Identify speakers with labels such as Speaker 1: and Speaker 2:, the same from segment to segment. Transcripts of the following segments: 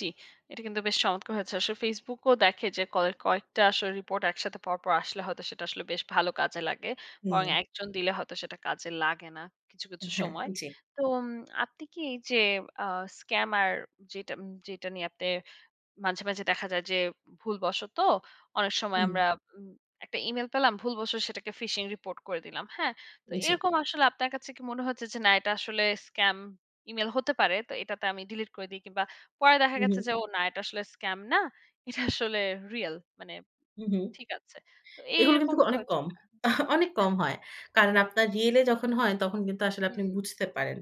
Speaker 1: জ্বী। এটা কিন্তু বেশ চমৎকার হয়েছে। আসলে Facebook ও দেখে যে, কয়েক কয়েকটা আসলে রিপোর্ট একসাথে পরপর আসলে হয়তো, সেটা আসলে বেশ ভালো কাজে লাগে। বরং
Speaker 2: হুম।
Speaker 1: একজন দিলে হয়তো, সেটা কাজে লাগে না, কিছু, কিছু,
Speaker 2: হ্যাঁ,
Speaker 1: সময়।
Speaker 2: জ্বী।
Speaker 1: তো, উম আপনি কি যে, আ স্কাম্যার যেটা যেটা নিয়ে আপনি মাঝে, মাঝে, দেখা যায় যে, ভুলবশতঃ অনেক সময়
Speaker 2: হুম।
Speaker 1: আমরা উম একটা Email পেলাম। ভুলবশতঃ সেটাকে ফিশিং রিপোর্ট করে দিলাম। হ্যাঁ, তো
Speaker 2: জ্বী।
Speaker 1: এরকম আসলে আপনার কাছে কি মনে হচ্ছে যে, না এটা আসলে স্কাম ইমেইল হতে পারে। তো এটাতে আমি ডিলিট করে দেই, কিংবা পরে দেখা
Speaker 2: হু,
Speaker 1: গেছে
Speaker 2: হুম।
Speaker 1: যে, ও না এটা আসলে স্কাম না। এটা আসলে রিয়াল, মানে,
Speaker 2: হু, হুম।
Speaker 1: ঠিক আছে। তো, এই
Speaker 2: এগুলো কিন্তু
Speaker 1: রকম কি
Speaker 2: অনেক
Speaker 1: হচ্ছে
Speaker 2: কম।
Speaker 1: কিনা, জ্বী।
Speaker 2: অনেক কম হয়। কারণ,
Speaker 1: আচ্ছা
Speaker 2: আপনার রিয়েল এ যখন হয়, তখন কিন্তু আসলে আপনি
Speaker 1: হুম।
Speaker 2: বুঝতে পারেন।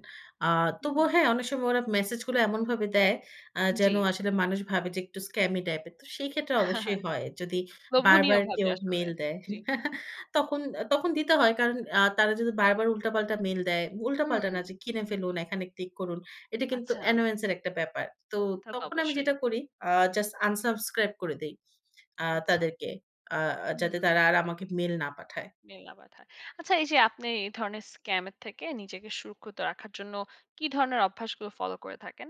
Speaker 2: আ
Speaker 1: হুম।
Speaker 2: তবুও হ্যাঁ, অনেক সময় ওরা মেসেজ গুলো এমনভাবে দেয়, আ যেন
Speaker 1: জ্বী।
Speaker 2: আসলে মানুষ ভাবে যে, একটু স্ক্যামি টাইপ এর। তো সেই ক্ষেত্রে অবশ্যই হয়। যদি বারবার
Speaker 1: লোভনীয়ভাবে
Speaker 2: কেউ
Speaker 1: আসলে।
Speaker 2: মেইল দেয়।
Speaker 1: জ্বী।
Speaker 2: তখন, তখন, দিতে হয়। কারণ আ তারা যদি বারবার উল্টা পাল্টা মেইল দেয়, উল্টাপাল্টা না,
Speaker 1: হুম।
Speaker 2: যে, কিনে ফেলুন, এখানে ক্লিক করুন। এটা কিন্তু
Speaker 1: আচ্ছা।
Speaker 2: অ্যানোয়েন্স এর একটা ব্যাপার। তো,
Speaker 1: তাতো,
Speaker 2: তখন আমি
Speaker 1: অবশ্যই।
Speaker 2: যেটা করি, আ জাস্ট আনসাবস্ক্রাইব করে দেই, আ
Speaker 1: আচ্ছা।
Speaker 2: তাদেরকে। আ যাতে
Speaker 1: হুম।
Speaker 2: তারা আর আমাকে মেইল না পাঠায়।
Speaker 1: মেইলটা পাঠায়। আচ্ছা, এই যে, আপনি এই ধরনের স্কাম এর থেকে নিজেকে সুরক্ষিত রাখার জন্য, কি ধরনের অভ্যাসগুলো ফলো করে থাকেন?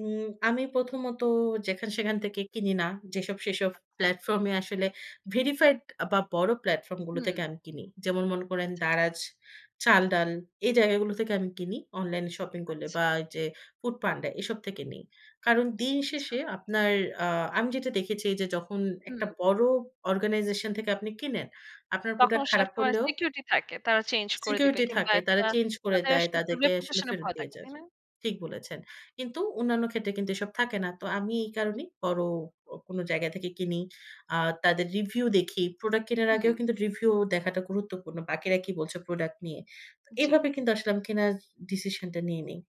Speaker 2: উম আমি প্রথমত, যেখান সেখান থেকে কিনি না। যেসব সেসব
Speaker 1: আচ্ছা।
Speaker 2: প্লাটফর্ম এ আসলে ভেরিফাইড, বা বড় প্ল্যাটফর্ম গুলো থেকে
Speaker 1: হুম।
Speaker 2: আমি কিনি। যেমন মনে করেন,
Speaker 1: আচ্ছা, আচ্ছা।
Speaker 2: দারাজ, চাল-ডাল এই জায়গাগুলো থেকে আমি কিনি অনলাইন শপিং করলে বা
Speaker 1: আচ্ছা।
Speaker 2: এই যে, ফুড পান্ডা এসব থেকে নেই। কারণ দিন
Speaker 1: আচ্ছা।
Speaker 2: শেষে, আপনার আ আমি যেটা দেখেছি যে, যখন
Speaker 1: হুম।
Speaker 2: একটা বড় অর্গানাইজেশন থেকে আপনি কেনেন, আপনার
Speaker 1: তখন
Speaker 2: প্রোডাক্ট
Speaker 1: সে
Speaker 2: খারাপ
Speaker 1: একটা
Speaker 2: করলেও
Speaker 1: সিকিউরিটি থাকে। তারা চেঞ্জ করে দিবে।
Speaker 2: সিকিউরিটি
Speaker 1: কিংবা,
Speaker 2: থাকে। তারা
Speaker 1: একটা
Speaker 2: চেঞ্জ করে
Speaker 1: তাদের আস
Speaker 2: দেয়। তাদেরকে আসলে
Speaker 1: রেপুটেশন এ
Speaker 2: ফেরত
Speaker 1: ভয়
Speaker 2: দিয়ে
Speaker 1: থাকে।
Speaker 2: যায়।
Speaker 1: তাই না?
Speaker 2: ঠিক বলেছেন। কিন্তু অন্যান্য ক্ষেত্রে কিন্তু এসব থাকে না। তো, আমি এই কারণেই বড় অ কোন জায়গা থেকে কিনি। আ তাদের রিভিউ দেখি। প্রোডাক্ট কেনার আগেও
Speaker 1: হুম।
Speaker 2: কিন্তু, রিভিউ দেখাটা গুরুত্বপূর্ণ। বাকিরা কি বলছে, প্রোডাক্ট নিয়ে। তো
Speaker 1: জ্বী।
Speaker 2: এভাবে কিন্তু আসলে, আমি কেনার ডিসিশনটা নিয়ে নেই।